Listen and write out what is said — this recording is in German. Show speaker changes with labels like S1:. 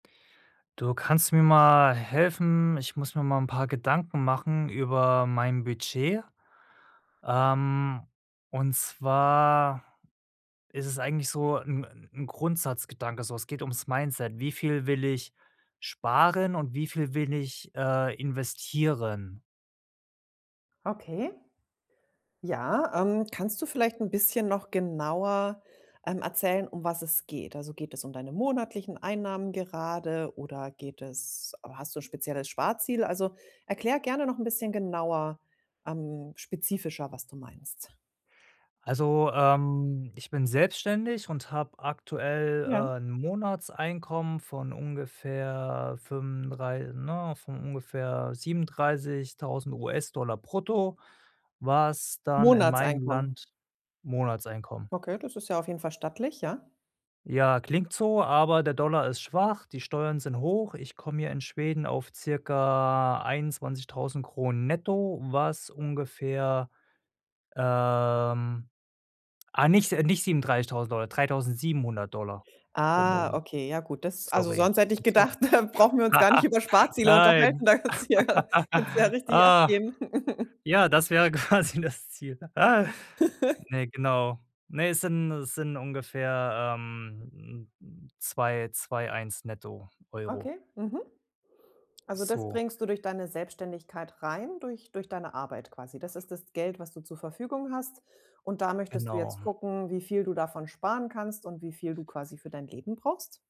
S1: Du, kannst du mir mal helfen? Ich muss mir mal 'n paar Gedanken machen über mein Budget. Ähm, und zwar ist es eigentlich so 'n 'n Grundsatzgedanke so. Es geht ums Mindset. Wie viel will ich sparen und wie viel will ich, äh, investieren?
S2: Okay. Ja, ähm, kannst du vielleicht 'n bisschen noch genauer, ähm, erzählen um was es geht? Also, geht es um deine monatlichen Einnahmen gerade oder geht es hast du 'n spezielles Sparziel? Also, erkläre gerne noch 'n bisschen genauer, ähm spezifischer, was du meinst.
S1: Also, ähm, ich bin selbstständig und habe aktuell,
S2: Ja.
S1: äh, 'n Monatseinkommen von ungefähr fünfunddrei ne, von ungefähr 37.000 $ brutto, was dann in meinem
S2: Monatseinkommen.
S1: Land Monatseinkommen.
S2: Okay, das ist ja auf jeden Fall stattlich, ja?
S1: Ja, klingt so, aber der Dollar ist schwach, die Steuern sind hoch. Ich komme hier in Schweden auf circa 21.000 SEK netto, was ungefähr, ähm ah, nicht s nicht 37.000 $, 3.700 $ pro
S2: Ah
S1: Monat.
S2: okay, ja gut, das also,
S1: Sorry,
S2: sonst hätte ich
S1: siehst du?
S2: gedacht, da brauchen wir uns gar nicht über Sparziele
S1: Nein,
S2: unterhalten, da kannst du ja kannst du ja richtig
S1: ah.
S2: abgehen.
S1: Ja, das wäre quasi das Ziel. Ne, genau. Ne, es sind es sind ungefähr, ähm, 2.000 €, 2.100 € netto, Euro.
S2: Okay, mhm. Also, das
S1: So.
S2: bringst du durch deine Selbstständigkeit rein, durch durch deine Arbeit quasi? Das ist das Geld, was du zur Verfügung hast. Und da möchtest du jetzt
S1: Genau.
S2: gucken, wie viel du davon sparen kannst und wie viel du quasi für dein Leben brauchst?